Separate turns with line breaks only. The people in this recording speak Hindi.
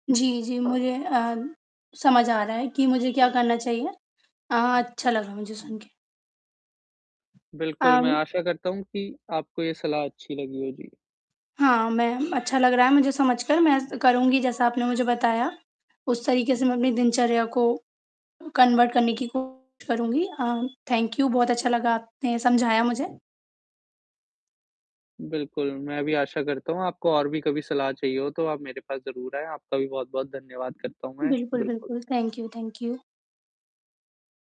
जी, जी, मुझे अ, समझ आ रहा है कि मुझे क्या करना चाहिए। अ, अच्छा लगा मुझे सुन के।
बिल्कुल, मैं
अम
आशा करता हूँ कि आपको ये सलाह अच्छी लगी होगी।
हाँ, मैं म अच्छा लग रहा है मुझे समझ कर मैं स करुँगी जैसा आपने मुझे बताया उस तरीके से मैं अपनी दिनचर्या को कन्वर्ट करने की कोशिश करुँगी। अ, थैंक यू बहुत अच्छा लगा आपने समझाया मुझे।
बिल्कुल, मैं भी आशा करता हूँ आपको और भी कभी सलाह चाहिए हो तो आप मेरे पास ज़रूर आए। आपका भी बहुत-बहुत धन्यवाद करता हूँ मैं
बिल्कुल,
बिल्कुल।
बिल्कुल। Thank you, thank you.